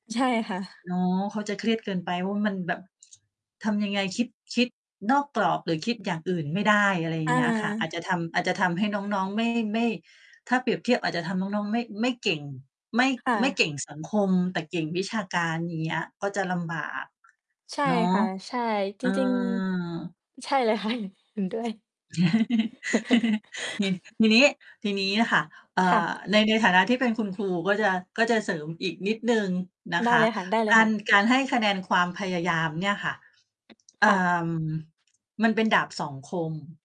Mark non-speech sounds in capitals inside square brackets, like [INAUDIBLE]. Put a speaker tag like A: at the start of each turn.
A: ใช่ค่ะ
B: อ๋อ เขาจะเครียดเกินไปว่า มันแบบ ทำยังไง คิด คิดนอกกรอบหรือคิดอย่างอื่นไม่ได้ อะไรอย่า
A: อ
B: งเงี้ยค่ะ อาจจะ
A: า
B: ทำ อาจจะทำให้น้อง ๆ ไม่ ไม่ ถ้าเปรียบเทียบ อาจจะทำน้อง ๆ ไม่ ไม่เก่ง ไม่
A: ค่
B: ไม่เ
A: ะ
B: ก่งสังคม แต่เก่งวิชาการ อย่างเงี้ย ก็จะลำบาก
A: ใช่
B: เนาะ
A: ค่ะ ใช่
B: เ
A: จ
B: ออ
A: ริง ๆ ใช่เลย ค่ะ เห็นด้วย
B: [CHUCKLES] นิ่
A: [CHUCKLES]
B: ทีนี้ ทีนี้น่ะค่ะ เอ่
A: ค่ะ
B: อ ใน ในฐานะที่เป็นคุณครู ก็จะ ก็จะเสริมอีกนิดหนึ่งนะ
A: ได
B: ค
A: ้เ
B: ะ
A: ลยค
B: กา
A: ่ะ
B: ร
A: ๆ
B: การให้คะแนนความพยายามเนี่ยค่ะ เอ
A: ค่
B: ่
A: ะ
B: อ มันเป็นดาบสองคม